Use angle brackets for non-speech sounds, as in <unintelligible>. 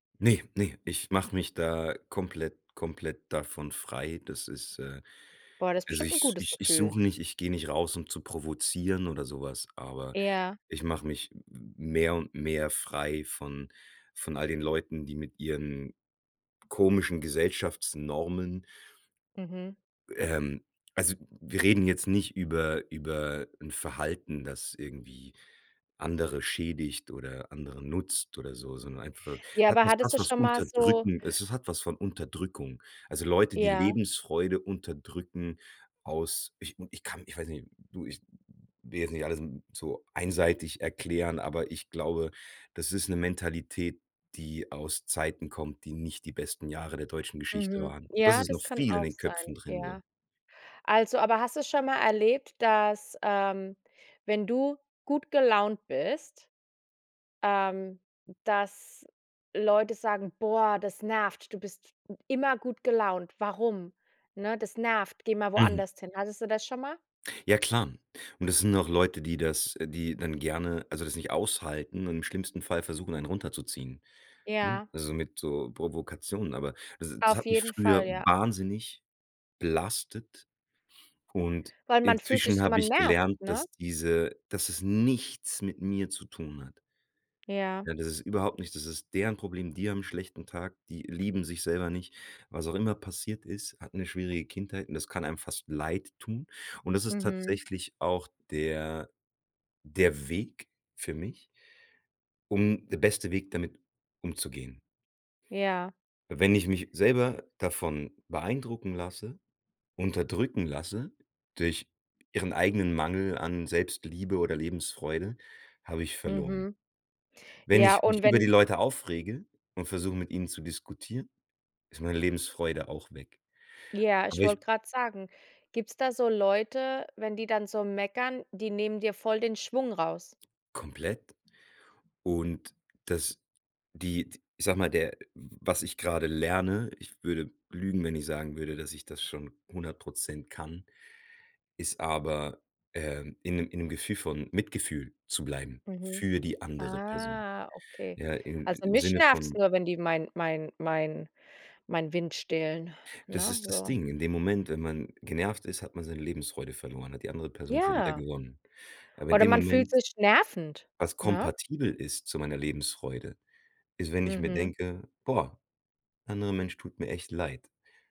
Ne, ne, ich mache mich da komplett komplett davon frei. Das ist äh, Boah, das ist also bestimmt 'n ich gutes ich ich Gefühl. suche nicht ich geh nicht raus, um zu provozieren oder so was, aber Ja. ich mache mich m m m mehr und mehr frei von von all den Leuten, die mit ihren komischen Gesellschaftsnormen Mhm. ähm, also wir reden jetzt nicht über über 'n Verhalten, das irgendwie andere schädigt oder anderen nutzt oder so, sondern einfach Ja, hat aber hattest du <unintelligible> schon mal so Unterdrückendes, es es hat was von Unterdrückung. Also Leute, die Ja. Lebensfreude unterdrücken aus ich u ich kann ich weiß nicht du, ich will jetzt nicht alles so einseitig erklären, aber ich glaube, das ist 'ne Mentalität, die aus Zeiten kommt, die nicht die besten Jahre der deutschen Geschichte Mhm. waren. Und das Ja, ist noch das kann viel in auch den sein, Köpfen drin, so. ja. Also aber hast du es schon mal erlebt, dass, ähm, wenn du gut gelaunt bist ähm, dass Leute sagen: „Boah, das nervt. Du bist immer gut gelaunt. Warum?" Ne, „Das nervt. Geh mal Mhm. woanders hin." Hattest du das schon mal? Ja klar. Und das sind auch Leute, die das äh, die dann gerne, also das nicht aushalten und im schlimmsten Fall versuchen, einen runterzuziehen, ne, Ja. also mit so Provokationen. Aber das das Auf hat mich jeden früher Fall, ja. wahnsinnig belastet und Weil man fühlt sich inzwischen so, hab man ich nervt, gelernt, ne? dass diese dass es nichts mit mir zu tun hat. Ja. Ja, das ist überhaupt nicht das ist deren Problem, die haben 'n schlechten Tag, die lieben sich selber nicht. Was auch immer passiert ist, hatten 'ne schwierige Kindheit und das kann einem fast leidtun. Und das ist Mhm. tatsächlich auch der der Weg für mich um der beste Weg damit umzugehen. Ja. Wenn ich mich selber davon beeindrucken lasse, unterdrücken lasse durch ihren eigenen Mangel an Selbstliebe oder Lebensfreude, habe ich verloren. Mhm. Wenn Ja ich mich und über die wenn Leute aufrege und versuche, mit ihnen zu diskutieren, ist meine Lebensfreude auch weg. Ja, ich Aber ich wollte grad sagen, gibt's da so Leute, wenn die dann so meckern, die nehmen dir voll den Schwung raus? Komplett. Und, das die ich sage mal, der, w was ich grade lerne, ich würde lügen, wenn ich sagen würde, dass ich das schon 100 % kann, ist aber, ähm, in 'nem in 'nem Gefühl von Mitgefühl zu bleiben Mhm. für die andere Person, Ah, okay. ja, in Also im mich Sinne nervt's von nur, wenn die mein mein mein mein Wind stehlen, Das ne, ist das so. Ding. In dem Moment, wenn man genervt ist, hat man seine Lebensfreude verloren, hat die andere Person schon wieder Ja. gewonnen. Aber in Oder dem man fühlt Moment sich nervend, Was ne? kompatibel ist zu meiner Lebensfreude, ist, wenn ich mir Mhm. denke: „Boah, anderer Mensch tut mir echt leid.".